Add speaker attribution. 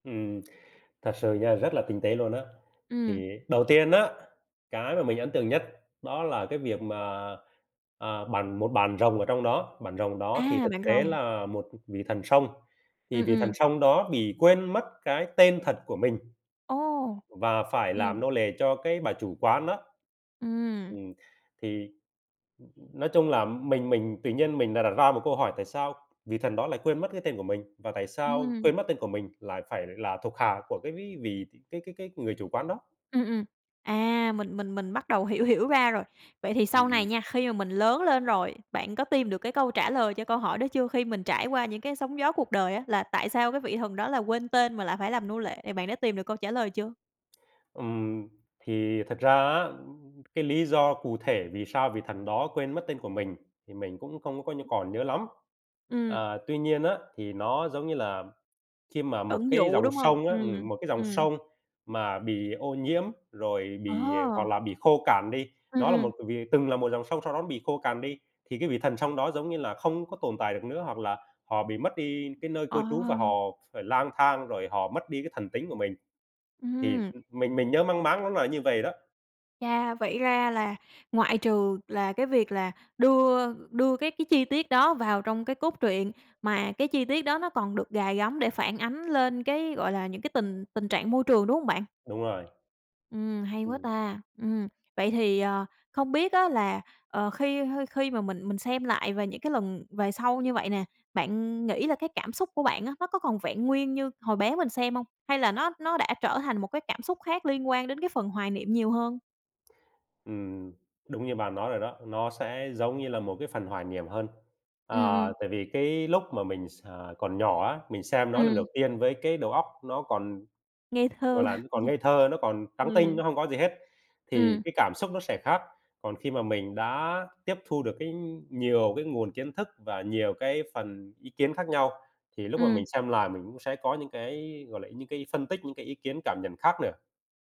Speaker 1: Ừm, thật sự nha, rất là tinh tế luôn á.
Speaker 2: Ừm.
Speaker 1: Thì đầu tiên á, cái mà mình ấn tượng nhất đó là cái việc mà, à, bạn một bạn rồng ở trong đó, bạn rồng đó thì
Speaker 2: A,
Speaker 1: thực
Speaker 2: bạn
Speaker 1: tế
Speaker 2: rồng.
Speaker 1: là một, ừm, vị thần sông, thì
Speaker 2: Ừm,
Speaker 1: vị
Speaker 2: ừm.
Speaker 1: thần sông đó bị quên mất cái tên thật của mình,
Speaker 2: Ồ!
Speaker 1: và phải làm
Speaker 2: Ừm.
Speaker 1: nô lệ cho cái bà chủ quán á.
Speaker 2: Ừm.
Speaker 1: Ừm, thì, ưm, ưm, nói chung là mình mình tự nhiên mình đã đặt ra một câu hỏi: "Tại sao vị thần đó lại quên mất cái tên của mình? Và tại sao
Speaker 2: Ừm.
Speaker 1: quên mất tên của mình lại phải là thuộc hạ của cái ví vị cái cái cái người chủ quán đó?"
Speaker 2: Ừm, ừm. À, mình mình mình bắt đầu hiểu hiểu ra rồi. Vậy thì
Speaker 1: Ừm,
Speaker 2: sau này
Speaker 1: ừm.
Speaker 2: nha, khi mà mình lớn lên rồi, bạn có tìm được cái câu trả lời cho câu hỏi đó chưa? Khi mình trải qua những cái sóng gió cuộc đời á, là tại sao cái vị thần đó là quên tên mà lại phải làm nô lệ, bạn đã tìm được câu trả lời chưa?
Speaker 1: Ừm, thì thật ra á, ưm, cái lý do cụ thể vì sao vị thần đó quên mất tên của mình thì mình cũng không có nh có còn nhớ lắm.
Speaker 2: Ừm.
Speaker 1: À, tuy nhiên á, thì nó giống như là khi mà một
Speaker 2: Ẩn
Speaker 1: cái
Speaker 2: dụ,
Speaker 1: dòng
Speaker 2: đúng hông?
Speaker 1: sông á
Speaker 2: Ừm,
Speaker 1: ừm, một cái dòng
Speaker 2: ừm.
Speaker 1: sông mà bị ô nhiễm rồi bị, à
Speaker 2: Ờ.
Speaker 1: hoặc là bị khô cạn đi,
Speaker 2: Ừm,
Speaker 1: nó là
Speaker 2: ừm.
Speaker 1: một vị từng là một dòng sông sau đó nó bị khô cằn đi, thì cái vị thần sông đó, giống như là, không có tồn tại được nữa, hoặc là họ bị mất đi cái nơi cư trú và họ
Speaker 2: Ờ.
Speaker 1: phải lang thang rồi họ mất đi cái thần tính của mình. Thì,
Speaker 2: Ừm.
Speaker 1: ừm, mình mình nhớ mang máng nó là như vậy đó.
Speaker 2: Chà! Vậy ra là ngoại trừ là cái việc là đưa đưa các cái chi tiết đó vào trong cái cốt truyện, mà cái chi tiết đó nó còn được gài gắm để phản ánh lên cái, gọi là, những cái tình tình trạng môi trường, đúng hông bạn?
Speaker 1: Đúng rồi.
Speaker 2: Ừm, hay quá
Speaker 1: Ừm.
Speaker 2: ta! Ừm, vậy thì, ờ, không biết á là, ờ, khi hơi khi mà mình mình xem lại về những cái lần về sau như vậy nè, bạn nghĩ là cái cảm xúc của bạn á, nó có còn vẹn nguyên như hồi bé mình xem hông? Hay là nó nó đã trở thành một cái cảm xúc khác liên quan đến cái phần hoài niệm nhiều hơn?
Speaker 1: Ừm, đúng như bạn nói rồi đó, nó sẽ giống như là một cái phần hoài niệm hơn.
Speaker 2: Ừm,
Speaker 1: À,
Speaker 2: ừm.
Speaker 1: tại vì cái lúc mà mình x à, còn nhỏ á, mình xem nó lần đầu
Speaker 2: Ừm.
Speaker 1: tiên với cái đầu óc nó còn,
Speaker 2: Ngây
Speaker 1: gọi
Speaker 2: thơ.
Speaker 1: là, nó còn ngây thơ, nó còn trắng tinh,
Speaker 2: Ừm.
Speaker 1: nó hông có gì hết, thì
Speaker 2: Ừm.
Speaker 1: cái cảm xúc nó sẽ khác. Còn khi mà mình đã tiếp thu được cái nhiều cái nguồn kiến thức và nhiều cái phần ý kiến khác nhau, thì lúc mà
Speaker 2: Ừm.
Speaker 1: mình xem lại mình cũng sẽ có những cái, gọi là, những cái phân tích, những cái ý kiến, cảm nhận khác nữa.